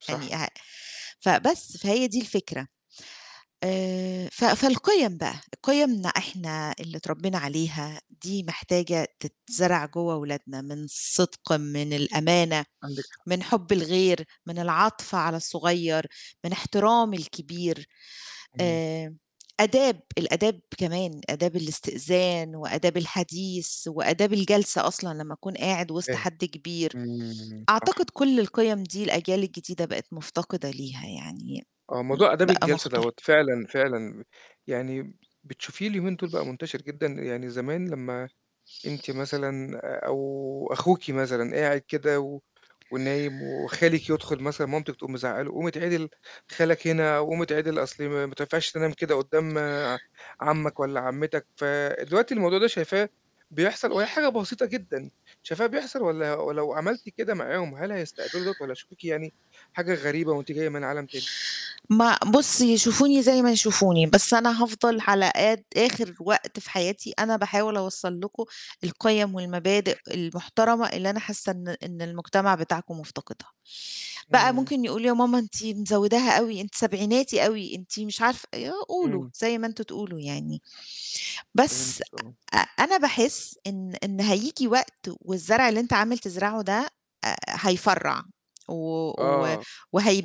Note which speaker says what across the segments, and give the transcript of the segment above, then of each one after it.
Speaker 1: صح.
Speaker 2: يعني أ فبس، فهي دي الفكرة. آآ ف فالقِيَم بقى، قِيَمنا إحنا اللي اتربّينا عليها دي محتاجة تتزرع جوّه ولادنا من صِدق، من الأمانة،
Speaker 1: عندِك حق.
Speaker 2: من حُب الغير، من العَطْف على الصغيّر، من احترام الكبير.
Speaker 1: إمم.
Speaker 2: آآ أداب، الآداب كمان، آداب الاستئذان وآداب الحديث وآداب الجلسة أصلًا لمّا تكون قاعد وِسط
Speaker 1: فاهم.
Speaker 2: حد كبير.
Speaker 1: إمم، صح.
Speaker 2: أعتقد كل القِيَم دي الأجيال الجديدة بقت مُفتقدة ليها يعني م
Speaker 1: آه، موضوع آداب
Speaker 2: بقى
Speaker 1: الجلسة
Speaker 2: مُختل
Speaker 1: دوّة فعلًا، فعلًا يعني بتشوفيه اليومين دُول بقى منتشر جدًا؟ يعني زمان لمّا أنتِ مثلًا آآ أو أخوكِ مثلًا قاعد كده و ونايم وخالِك يدخُل مثلًا مامتِك تقوم مزعَّقة له، قوم اتعِدل خالك هنا أو قوم اتعِدل أصلِ ما ما تنفعش تنام كده قُدّام ع عَمّك والّا عَمِّتك، فدلوقتي الموضوع ده شايفاه بيحصل وهي حاجة بسيطة جدًا، شايفاه بيحصل والّا ولو عملتِ كده معاهم، هل هيستقبلوا دوَّة والّا هيشوفوكِ يعني حاجة غريبة وأنتِ جاية من عالم تاني؟
Speaker 2: مع بُصّي، يشوفوني زي ما يشوفوني، بس أنا هافضل
Speaker 1: إمم
Speaker 2: على قد آخِر وقت في حياتي أنا باحاول أوصّل لكم القِيَم والمبادئ المحترمة اللي أنا حاسّة إن إن المجتمع بتاعكم مُفتقدها. بقى
Speaker 1: إمم.
Speaker 2: ممكن يقولوا: "يا ماما أنتِ مزوِّداها أوي، أنتِ سبعيناتي أوي، أنتِ مش عارفة" يا قولوا
Speaker 1: إمم.
Speaker 2: زي ما أنتم تقولوا يعني. بس
Speaker 1: فهمتِك آه.
Speaker 2: أ أ أنا باحس إن إن هييجيي وقت والزرع اللي أنت عامل تزرعه ده، آآ هيفرّع و و
Speaker 1: آه،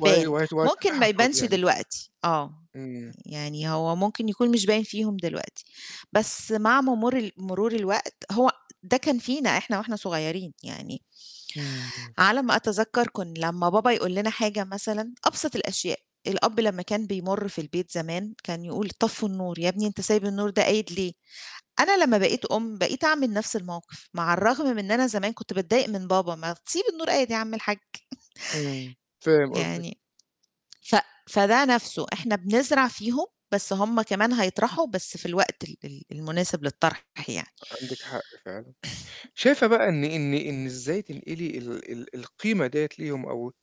Speaker 1: وهي وهت وهتشوفي
Speaker 2: ممكن ما
Speaker 1: حصاد
Speaker 2: يبانش
Speaker 1: يعني.
Speaker 2: دلوقتي آه،
Speaker 1: إمم.
Speaker 2: يعني هو ممكن يكون مش باين فيهم دلوقتي، بس مع مرور مرور الوقت، هو ده كان فينا إحنا وإحنا صغيّرين يعني
Speaker 1: إمم، إمم.
Speaker 2: على ما أتذكَّر كن لمّا بابا يقول لنا حاجة مثلًا، أبسَط الأشياء، الأب لمّا كان بيمُر في البيت زمان كان يقول: "طفّوا النور، يا ابني أنت سايب النور ده قايد ليه؟" أنا لمّا بقيت أُم، بقيت أعمل نَفْس الموقِف مع الرغم من أنا زمان كنت باتضايق من بابا، "ما تسيب النور قايد يا عم الحج."
Speaker 1: إمم، فاهم قصدِك.
Speaker 2: يعني ف فده نَفْسه إحنا بنزرع فيهم، بس هم كمان هيطرحوا، بس في الوقت ال ال المناسب للطرح يعني.
Speaker 1: عندِك حق فعلًا. شايفة بقى إن إن إن إزاي تنقلي ال ال القيمة ديّة ليهم أو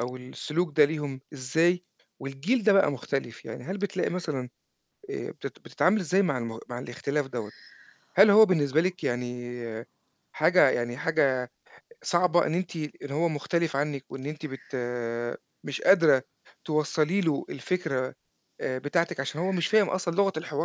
Speaker 1: أو السلوك ده ليهم إزاي والجيل ده بقى مختلف؟ يعني هل بتلاقي مثلًا آآ بت بتتعاملي إزاي مع المغ مع الاختلاف دوّة؟ هل هو بالنسبة لِك يعني حاجة يعني حاجة صعبة إن أنتِ إن هو مختلف عنِّك وإن أنتِ بت مش قادرة توصّلي له الفكرة آآ بتاعتِك عشان هو مش فاهم أصلًا لغة الحوار؟